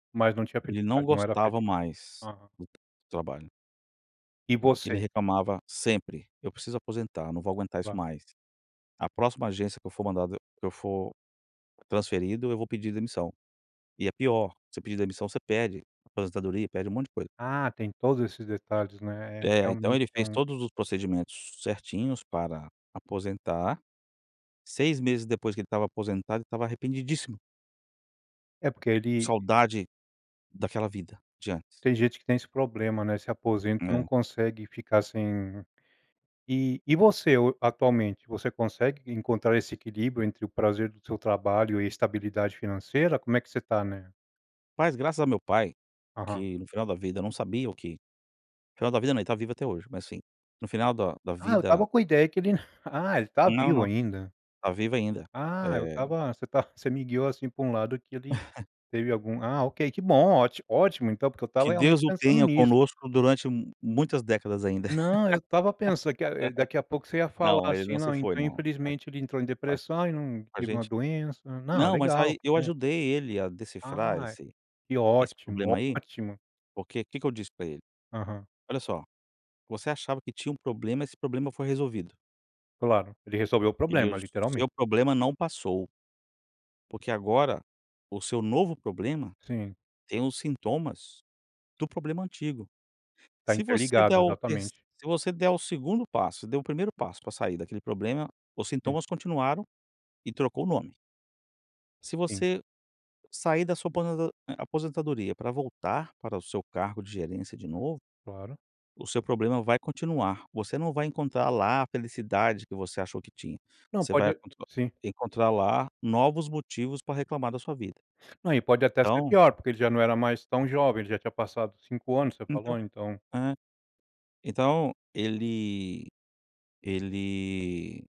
Mas não tinha Ele não acreditado, não era gostava feliz. mais Aham. do trabalho. E Ele você? reclamava sempre, eu preciso aposentar, não vou aguentar isso Claro. mais. A próxima agência que eu for mandado que eu for transferido eu vou pedir demissão. E é pior, você pedir demissão você pede aposentadoria, pede um monte de coisa. Ah, tem todos esses detalhes não é, É então ele realmente é fez um todos os procedimentos certinhos para aposentar, 6 meses depois que ele estava aposentado ele estava arrependidíssimo. É porque ele Saudade daquela vida de antes. tem gente que tem esse problema, né, se aposenta e não É. consegue ficar sem E e você atualmente, você consegue encontrar esse equilíbrio entre o prazer do seu trabalho e a estabilidade financeira? Como é que você tá, né? Mas graças a meu pai, Aham. que no final da vida eu não sabia o que final da vida não está vivo até hoje mas sim, no final da da Ah, eu vida estava com a ideia que ele ah ele está Não, vivo não. ainda. Está vivo ainda. Ah, eu Eh estava você está você me guiou assim para um lado que ele teve algum, ah ok, que bom, ótimo então, porque eu estava Que realmente Deus o pensando tenha nisso. conosco durante muitas décadas ainda. Não, eu estava pensando que daqui a pouco você ia falar Não, ele assim: não se "Não, foi então não, tá infelizmente ele entrou em tá tá depressão e não a teve uma gente. doença", não Não mas legal, aí que eu bom. ajudei ele a decifrar Ai, esse que esse problema ótimo, aí, ótimo. porque que que eu disse para ele? Aham. "Olha só, você achava que tinha um problema esse problema foi resolvido". Claro, ele resolveu o E problema o literalmente. seu problema não passou porque agora o seu novo problema Sim. tem os sintomas do problema antigo. Está Se você der interligado, o terc exatamente. se você der o 2º passo, você deu o 1º passo para sair daquele problema, os Sim. sintomas continuaram e trocou o nome se Sim. você sair da sua aposen aposentadoria para voltar para o seu cargo de gerência de novo, Claro. o seu problema vai continuar, você não vai encontrar lá a felicidade que você achou que tinha, Não você vai pode sim. encontrar lá novos motivos para reclamar da sua vida. Não e pode até ser Então pior, porque ele já não era mais tão jovem, já tinha passado 5 anos, você falou [unintelligible] então. eh, então, ele ele